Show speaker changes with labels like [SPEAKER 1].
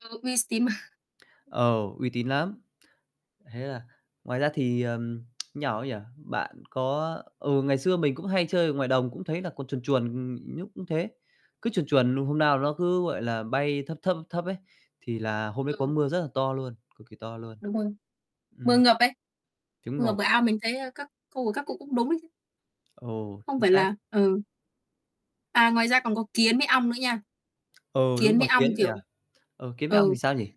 [SPEAKER 1] Ừ, nghe s tín mà.
[SPEAKER 2] Ờ, uy tín lắm. Thế là ngoài ra thì, ờm, như nào ấy nhỉ? Bạn có ừ, ngày xưa mình cũng hay chơi ở ngoài đồng cũng thấy là còn chuồn chuồn, ừm, nhúc cũng thế. Cứ chuồn chuồn luôn, hôm
[SPEAKER 1] [unintelligible]
[SPEAKER 2] nao nó cứ, gọi là, bay thấp thấp, thấp thấp ấy, thì là hôm đấy có
[SPEAKER 1] Ừm.
[SPEAKER 2] mưa rất là to luôn, cực kỳ to luôn.
[SPEAKER 1] Đúng rồi. Mưa
[SPEAKER 2] Ừm.
[SPEAKER 1] ngập ấy.
[SPEAKER 2] Chuẩn
[SPEAKER 1] Mưa ngập
[SPEAKER 2] ngồi.
[SPEAKER 1] bờ ao, mình thấy, ơ, các cô và các cụ cũng đúng đấy chứ.
[SPEAKER 2] Ồ,
[SPEAKER 1] Không
[SPEAKER 2] chính
[SPEAKER 1] phải
[SPEAKER 2] xác.
[SPEAKER 1] là ừ. À, ngoài ra còn có kiến với ong nữa nha.
[SPEAKER 2] Ừ, đúng
[SPEAKER 1] Kiến với
[SPEAKER 2] rồi,
[SPEAKER 1] ong,
[SPEAKER 2] kiến nhỉ?
[SPEAKER 1] kiểu
[SPEAKER 2] Ừ, kiến với ong thì
[SPEAKER 1] ừ.
[SPEAKER 2] sao nhỉ?